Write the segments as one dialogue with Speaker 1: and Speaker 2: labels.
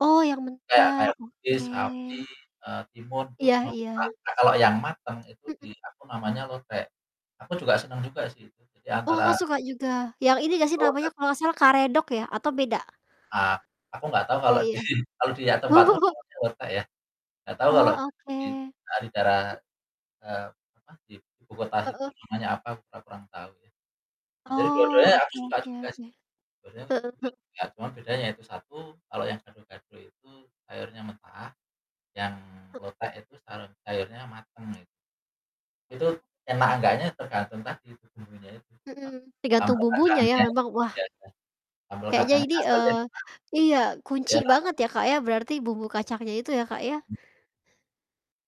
Speaker 1: Oh yang
Speaker 2: Iya,
Speaker 1: mentah,
Speaker 2: kayak toge,
Speaker 1: oke.
Speaker 2: sawi, eee, timun terus
Speaker 1: Iya iya.
Speaker 2: [unintelligible] nah, kalau yang matang itu
Speaker 1: Mhm.
Speaker 2: di, apa namanya, lotek. Aku juga seneng juga sih itu, jadi
Speaker 1: Oh,
Speaker 2: antara
Speaker 1: Kakak suka juga? Yang ini gak sih
Speaker 2: Betul bet
Speaker 1: namanya kalau gak salah karedok ya? Atau beda?
Speaker 2: Ah, aku nggak tahu
Speaker 1: Oh
Speaker 2: kalau di
Speaker 1: iya.
Speaker 2: sini, kalau di ya tempatku
Speaker 1: Oh.
Speaker 2: namanya lotek ya. Nggak tahu kalau
Speaker 1: Oh oke.
Speaker 2: di dari daerah, eee, apa, di ibu kota situ
Speaker 1: Heeh.
Speaker 2: namanya apa kita kurang tahu ya. Nah, jadi dua-duanya
Speaker 1: Oh,
Speaker 2: aku
Speaker 1: oke
Speaker 2: juga
Speaker 1: oke
Speaker 2: suka
Speaker 1: oke.
Speaker 2: sih. dua-duanya
Speaker 1: Heeh heeh.
Speaker 2: [unintelligible] cuma bedanya yaitu satu, kalau yang gado-gado itu airnya mentah, yang lotek itu [unintelligible] airnya matang it Itu enak enggaknya tergantung tadi itu bumbunya itu, apa,
Speaker 1: Mhm, tergantung
Speaker 2: sambal
Speaker 1: bumbunya ya
Speaker 2: kacangnya itu,
Speaker 1: memang, wah.
Speaker 2: [unintelligible] sambal
Speaker 1: Kayaknya
Speaker 2: kacangnya
Speaker 1: ini,
Speaker 2: asal jadi
Speaker 1: eee
Speaker 2: enak,
Speaker 1: iya,
Speaker 2: terus,
Speaker 1: kunci
Speaker 2: ya kenapa?
Speaker 1: banget ya, Kak, ya berarti bumbu kacangnya itu ya, Kak, ya?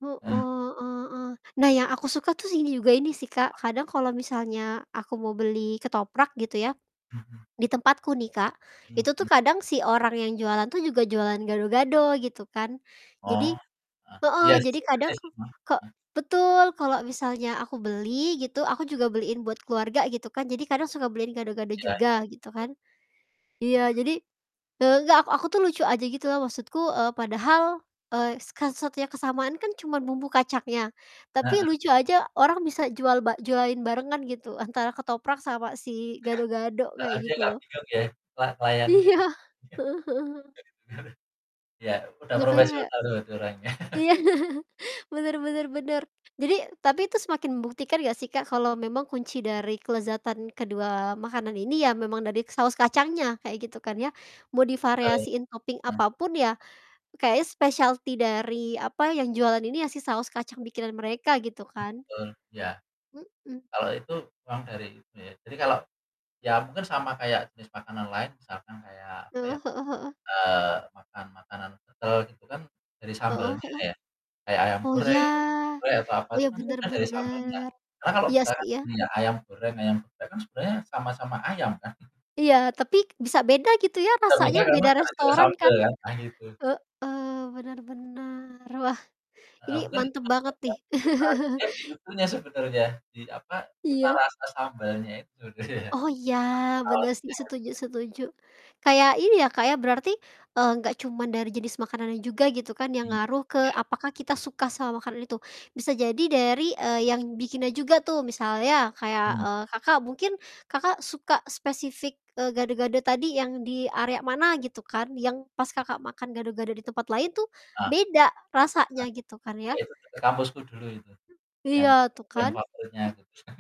Speaker 1: Heeh
Speaker 2: Mmm.
Speaker 1: heeh heeh. Nah, yang aku suka tus ini juga ini sih Kak, kadang kalo misalnya aku mau beli ketoprak gitu ya.
Speaker 2: Mhm.
Speaker 1: Di tempatku nih Kak,
Speaker 2: Iya
Speaker 1: itu tuh
Speaker 2: bener.
Speaker 1: kadang si orang yang jualan tuh juga jualan gado-gado gitu kan.
Speaker 2: Oh,
Speaker 1: Jadi
Speaker 2: heeh,
Speaker 1: heeh,
Speaker 2: iya sih.
Speaker 1: jadi
Speaker 2: Suka sih saya
Speaker 1: kadang kok
Speaker 2: semua.
Speaker 1: kok
Speaker 2: Mhm.
Speaker 1: betul, kalau misalnya aku beli gitu, aku juga beliin buat keluarga gitu kan, jadi kadang suka beliin gado-gado
Speaker 2: Iya iya,
Speaker 1: juga gitu
Speaker 2: betul.
Speaker 1: kan.
Speaker 2: Mhm.
Speaker 1: Iya, jadi eee, enggak ak aku tuh lucu aja gitu loh maksudku, eee, padahal es kes satunya kesamaan kan cuman bumbu kacangnya, tapi
Speaker 2: Heeh.
Speaker 1: lucu aja orang bisa jual ba jualin barengan gitu antara ketoprak sama si gado-gado
Speaker 2: Heeh,
Speaker 1: kayak
Speaker 2: dia
Speaker 1: gitu
Speaker 2: nggak
Speaker 1: loh.
Speaker 2: bingung ya, la layaninnya
Speaker 1: Iya,
Speaker 2: gak
Speaker 1: heeh heeh heeh.
Speaker 2: iya. [unintelligible] Iya, udah
Speaker 1: Makanya kayak
Speaker 2: profesional itu orangnya.
Speaker 1: Iya. bener bener bener. Jadi tapi itu semakin membuktikan gak sih Kak, kalau memang kunci dari kelezatan kedua makanan ini ya memang dari saus kacangnya, kayak gitu kan ya. Mau
Speaker 2: Betul,
Speaker 1: divariasiin topping
Speaker 2: hmm.
Speaker 1: apa pun ya, kayaknya specialty dari apa, yang jualan ini ya si saus kacang bikinan mereka gitu kan.
Speaker 2: Betul, iya.
Speaker 1: Mhm.
Speaker 2: Kalau itu uang dari itu ya. Jadi kalau iya mungkin sama kayak jenis makanan lain misalkan kayak, apa ya,
Speaker 1: Heeh heeh heeh.
Speaker 2: eee, makan makanan kental gitu kan dari
Speaker 1: Heeh
Speaker 2: sambelnya
Speaker 1: heeh.
Speaker 2: ya kayak ayam
Speaker 1: Oh ya.
Speaker 2: goreng, gulai atau apa
Speaker 1: Oh
Speaker 2: itu
Speaker 1: ya
Speaker 2: kan
Speaker 1: bener
Speaker 2: karena dari sambelnya.
Speaker 1: bener.
Speaker 2: Sama loh
Speaker 1: Iya
Speaker 2: misalnya
Speaker 1: sih ya.
Speaker 2: punya ayam goreng, ayam gulai kan sebenarnya sama-sama ayam kan?
Speaker 1: Iya, tapi bisa beda gitu ya rasanya,
Speaker 2: Muter-muter karena
Speaker 1: beda
Speaker 2: gara-gara
Speaker 1: restoran
Speaker 2: sambel
Speaker 1: kan.
Speaker 2: kan? Nah, itu.
Speaker 1: Heeh, benar benar. Wah ini
Speaker 2: Heeh, mungkin
Speaker 1: mantap banget nih.
Speaker 2: [unintelligible] jadi itunya sebenernya di, apa, cita
Speaker 1: Iya.
Speaker 2: rasa sambelnya itu, iya.
Speaker 1: Oh
Speaker 2: pakai
Speaker 1: iya, bener sih
Speaker 2: saosnya gitu
Speaker 1: setuju
Speaker 2: kan.
Speaker 1: setuju. Kayak ini ya Kak, ya berarti, eee, gak cuman dari jenis makanannya juga gitu kan yang
Speaker 2: Iya.
Speaker 1: ngaruh ke apakah kita suka sama makanan itu. Bisa jadi dari, eee, yang bikinnya juga tuh misalnya kayak,
Speaker 2: Mmm.
Speaker 1: eee, Kakak, mungkin Kakak suka spesifik, eee, gado-gado tadi yang di area mana, gitu kan yang pas
Speaker 2: Hmm, iya.
Speaker 1: Kakak, makan gado-gado di tempat lain tuh
Speaker 2: Heeh.
Speaker 1: beda rasanya gitu kan
Speaker 2: Ya
Speaker 1: ya?
Speaker 2: itu, ke kampusku dulu itu yang
Speaker 1: Iya tuh
Speaker 2: yang
Speaker 1: kan.
Speaker 2: favoritnya
Speaker 1: M
Speaker 2: gitu kan.